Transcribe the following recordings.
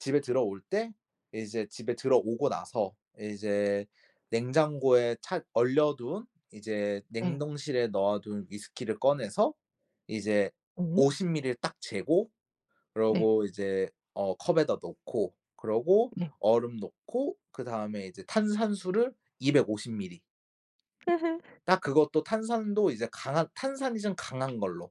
집에 들어올 때 이제 집에 들어오고 나서 이제 냉장고에 차 얼려둔 이제 네. 냉동실에 넣어둔 위스키를 꺼내서 이제 오. 50 밀리를 딱 재고 네. 그러고 이제 어 컵에다 넣고 그러고 네. 얼음 넣고 그다음에 이제 탄산수를 250 밀리. 딱 그것도 탄산도 이제 강한 탄산이 좀 강한 걸로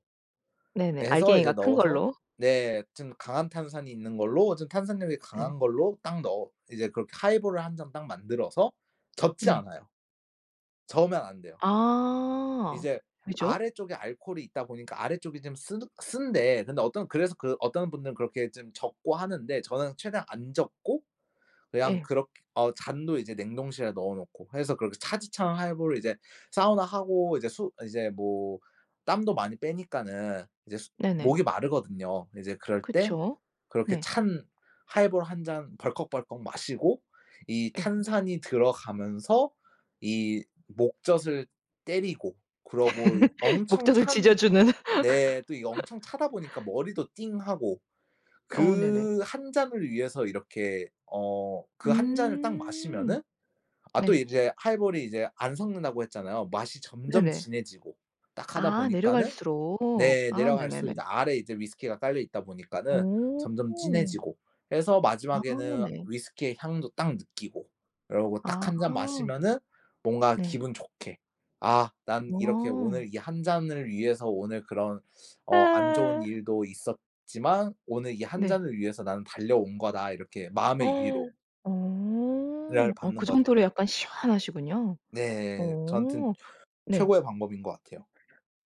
네네. 예 해서 이제 알갱이가 큰 넣어서 걸로. 네 좀 강한 탄산이 있는 걸로 좀 탄산력이 네. 강한 걸로 딱 넣어 이제 그렇게 하이볼을 1 잔 딱 만들어서 젓지 네. 않아요. 저으면 안 돼요. 아. 이제 그죠. 아래쪽에 알코올이 있다 보니까 아래쪽이 좀 쓰는 쓴데 근데 어떤 그래서 그 어떤 분들은 그렇게 좀 젓고 하는데 저는 최대한 안 젓고 그냥 예. 그렇 어 잔도 이제 냉동실에 넣어 놓고 해서 그렇게 차디찬 하이볼을 이제 사우나하고 이제 수 이제 뭐 땀도 많이 빼니까는 이제 수 네네. 목이 마르거든요. 이제 그럴 때 그쵸. 그렇게 네. 찬 하이볼 1 잔 벌컥벌컥 마시고 이 예. 탄산이 들어가면서 이 목젖을 때리고 그러고 이 엄청 목젖을 찬 지져주는. 네 또 이게 엄청 차다 보니까 머리도 띵하고. 어 네네. 그 1 잔을 위해서 이렇게 어 그 1 잔을 딱 음. 마시면은 아 또 네. 이제 하이볼이 이제 안 섞는다고 했잖아요. 맛이 점점 네네. 진해지고 딱 하다 아 보니까는 내려갈수록. 네 아 내려갈수록 네네네. 이제 아래 이제 위스키가 깔려있다 보니까는 오. 점점 진해지고. 그래서 아 마지막에는 네. 위스키의 향도 딱 느끼고. 이러고 딱 1 잔 아. 마시면은 뭔가 네. 기분 좋게 '아 난 이렇게 와. 오늘 이 1 잔을 위해서 오늘 그런 어 안 좋은 아. 일도 있었지만 오늘 이 1 네. 잔을 위해서 나는 달려온 거다.' 이렇게 마음의 어. 위로 를 어 받는 그 거죠. 정도로 약간 시원하시군요. 네 저한테는 어. 네. 최고의 방법인 것 같아요.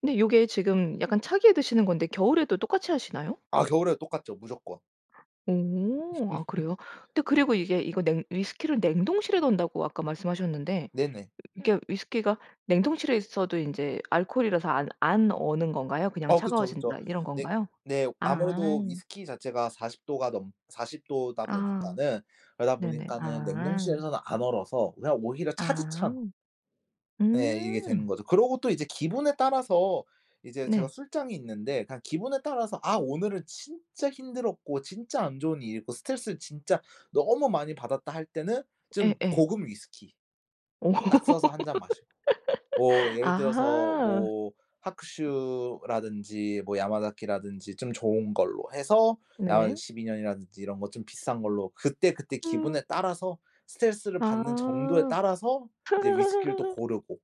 근데 요게 지금 약간 차게 드시는 건데 겨울에도 똑같이 하시나요? 아 겨울에도 똑같죠 무조건. 오. 아 그래요? 근데 그리고 이게 이거 냉 위스키를 냉동실에 넣는다고 아까 말씀하셨는데 으 네네. 이게 위스키가 냉동실에 있어도 인제 알코올이라서 안 안 어는 건가요? "그냥 어 그쵸, 그쵸. 차가워진다." 이런 네. 건가요? 네. 아. 아무래도 위스키 자체가 40 도가 넘 40 도다 아. 보니까는 그러다 네네. 보니까는 아. 냉동실에서는 안 얼어서 그냥 오히려 아. 차디찬 예 이게 되는 음. 거죠. 그러고 또 이제 기분에 따라서 이제 제가 네. 술장이 있는데 그냥 기분에 따라서 아 오늘은 진짜 힘들었고 진짜 안 좋은 일이 있고 스트레스를 진짜 너무 많이 받았다 할 때는 좀 예예. 고급 위스키 오. 딱 써서 1 잔 마시고. 뭐 예를 들어서 아하. 뭐 하쿠슈라든지 뭐 야마자키라든지 좀 좋은 걸로 해서 야마자키 네. 12 년이라든지 이런 거 좀 비싼 걸로 그때그때 음. 기분에 따라서 스트레스를 받는 정도에 아. 따라서 이제 위스키를 또 고르고.